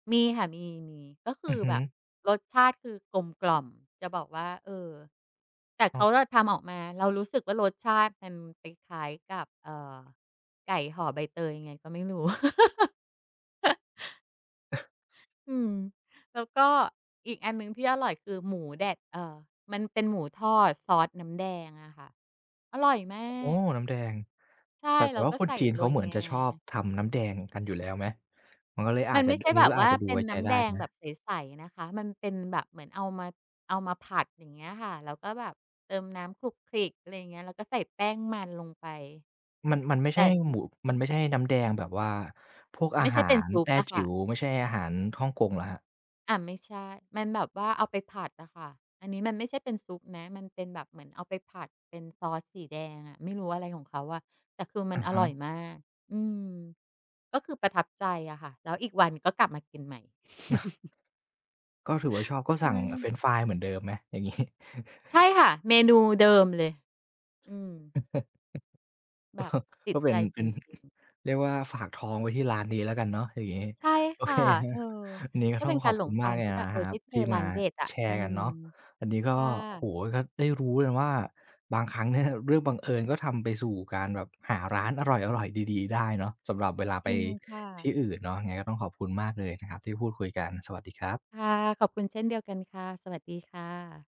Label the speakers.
Speaker 1: มีค่ะ มี ๆ ก็ค
Speaker 2: อื
Speaker 1: ื
Speaker 2: อ
Speaker 1: อ
Speaker 2: ฮึ
Speaker 1: แบบ รสชาติคือกลมกล่อม จะบอกว่า เอ่อ แต่เข
Speaker 2: อา
Speaker 1: าอะทำออกมา เรารู้สึกว่ารสชาติมันคล้าย ๆ กับ เอ่อ ไก่ห่อใบเตยยังไงก็ไม่รู้ อืม แล้วก็อีกอันหนึ่งที่อร่อยคือหมูแดด เอ่อ มันเป็นหมูทอดซอสน้ำแดงอะค่ะ อร่อยมา
Speaker 2: โอ้โฮ
Speaker 1: ก
Speaker 2: น้ำแดง
Speaker 1: ใช่
Speaker 2: แต่ แต
Speaker 1: แล
Speaker 2: ่
Speaker 1: ้ว
Speaker 2: ว่า
Speaker 1: ก็
Speaker 2: ค
Speaker 1: ใ
Speaker 2: น
Speaker 1: ส่
Speaker 2: จีน
Speaker 1: โ
Speaker 2: เ
Speaker 1: ร
Speaker 2: ขา
Speaker 1: ย
Speaker 2: เหมือน
Speaker 1: งา
Speaker 2: จะชอบทำน้ำแดง กันอยู่แล้วไหม? มันก็เลยอ
Speaker 1: ม
Speaker 2: า
Speaker 1: ั
Speaker 2: จ
Speaker 1: น
Speaker 2: จ
Speaker 1: ไ
Speaker 2: ะ
Speaker 1: ม่
Speaker 2: ด
Speaker 1: ใช
Speaker 2: อ
Speaker 1: ่
Speaker 2: ันนี
Speaker 1: แ
Speaker 2: ้
Speaker 1: บ
Speaker 2: ก
Speaker 1: บ
Speaker 2: ็
Speaker 1: ว
Speaker 2: อ
Speaker 1: ่
Speaker 2: าจ
Speaker 1: า
Speaker 2: จะดู
Speaker 1: เป็
Speaker 2: ไว
Speaker 1: น
Speaker 2: ้ใ
Speaker 1: น
Speaker 2: จ
Speaker 1: ้
Speaker 2: ไ
Speaker 1: ำ
Speaker 2: ด
Speaker 1: แ
Speaker 2: ้
Speaker 1: ดง
Speaker 2: ไหม?
Speaker 1: แบบใส ๆ นะคะ มันเป็นแบบเหมือนเอามา เอามาผัด อย่างเงี้ยค่ะ แล้วก็แบบเติมน้ำขลุกขลิก อะไรเงี้ย แล้วก็ใส่แป้งมัน ลงไป
Speaker 2: มัน มันไม่
Speaker 1: แต
Speaker 2: ใช
Speaker 1: ่
Speaker 2: ่หมุ
Speaker 1: น
Speaker 2: มันไม่ใช่น้ำแดงแบบว่าพวกอ
Speaker 1: ไม
Speaker 2: า
Speaker 1: ่ใช
Speaker 2: ห
Speaker 1: ่
Speaker 2: า
Speaker 1: เป็น
Speaker 2: ร
Speaker 1: ซุ
Speaker 2: แต
Speaker 1: ป
Speaker 2: ้
Speaker 1: อะ
Speaker 2: จ
Speaker 1: ค
Speaker 2: ิ
Speaker 1: ่
Speaker 2: ๋
Speaker 1: ะ
Speaker 2: ว ไม่ใช่อาหารฮ่องกง เหรอครับ?
Speaker 1: อา ไม่ใช่ มันแบบว่าเอาไปผัดน่ะค่ะ อันนี้มันไม่ใช่เป็นซุปนะ มันเป็นแบบเหมือนเอาไปผัดเป็นซอสสีแดงอะ ไม่รู้ อะไรของเขาอะ แต่คือม
Speaker 2: อ
Speaker 1: ั
Speaker 2: ื
Speaker 1: น
Speaker 2: อ
Speaker 1: อ
Speaker 2: ฮ
Speaker 1: ร่อ
Speaker 2: ึ
Speaker 1: ยมาก อืม ก็คือประทับใจอะค่ะ แล้วอีกวันก็กลับมากินใหม่
Speaker 2: อ ก็ถือว่า ชอบ ก็
Speaker 1: ใช
Speaker 2: สั่ง อา เฟร
Speaker 1: ่
Speaker 2: นช์ฟรายเหมือนเดิมไหม? อย่าง งี้
Speaker 1: ใช่ค่ะ เมนูเดิมเลย อืม แบบติ
Speaker 2: ก
Speaker 1: ด
Speaker 2: ็เป
Speaker 1: ใ
Speaker 2: ็
Speaker 1: จ
Speaker 2: น เ
Speaker 1: จ
Speaker 2: ป
Speaker 1: ร
Speaker 2: ็น
Speaker 1: ิง ๆ
Speaker 2: เรียกว่า ฝากท้องไว้ที่ร้าน นี้แล้วกันเนาะ อย่างงี้
Speaker 1: ใช่
Speaker 2: โอ
Speaker 1: ค
Speaker 2: เ
Speaker 1: ่ะ
Speaker 2: คคร
Speaker 1: เออ
Speaker 2: ับ วันนี้ก็
Speaker 1: ก็
Speaker 2: ต
Speaker 1: เ
Speaker 2: ้
Speaker 1: ป
Speaker 2: อ
Speaker 1: ็
Speaker 2: ง
Speaker 1: นก
Speaker 2: ข
Speaker 1: า
Speaker 2: อ
Speaker 1: ร
Speaker 2: บ
Speaker 1: หล
Speaker 2: คุ
Speaker 1: ง
Speaker 2: ณ
Speaker 1: ท
Speaker 2: ม
Speaker 1: า
Speaker 2: าก
Speaker 1: ง
Speaker 2: เล
Speaker 1: ท
Speaker 2: ย
Speaker 1: ี่แบบ
Speaker 2: น
Speaker 1: เ
Speaker 2: ะ
Speaker 1: ออ
Speaker 2: ค
Speaker 1: ไ
Speaker 2: ร
Speaker 1: ด
Speaker 2: ั
Speaker 1: ้
Speaker 2: บ
Speaker 1: เจ
Speaker 2: ท
Speaker 1: อ
Speaker 2: ี่
Speaker 1: ร
Speaker 2: ม
Speaker 1: ้า
Speaker 2: า
Speaker 1: นเด็ดอะ
Speaker 2: แช
Speaker 1: อื
Speaker 2: ร์กัน
Speaker 1: ม
Speaker 2: เนาะ อันนี้ก็
Speaker 1: ค่
Speaker 2: โอ้โฮ
Speaker 1: ะ
Speaker 2: ก็ได้รู้เลยว่า บางครั้ง เนี่ย เรื่องบังเอิญก็ทำไปสู่การแบบ หาร้านอร่อย ๆ ดี ๆ ได้เนาะ สำหรับเวลาไ
Speaker 1: จ
Speaker 2: ป
Speaker 1: ริงค่
Speaker 2: ที่
Speaker 1: ะ
Speaker 2: อื่นเนาะ ยังไงก็ต้องขอบคุณมากเลยนะครับที่พูดคุยกัน สวัสดีครับ
Speaker 1: ค่ะ ขอบคุณเช่นเดียวกันค่ะ สวัสดีค่ะ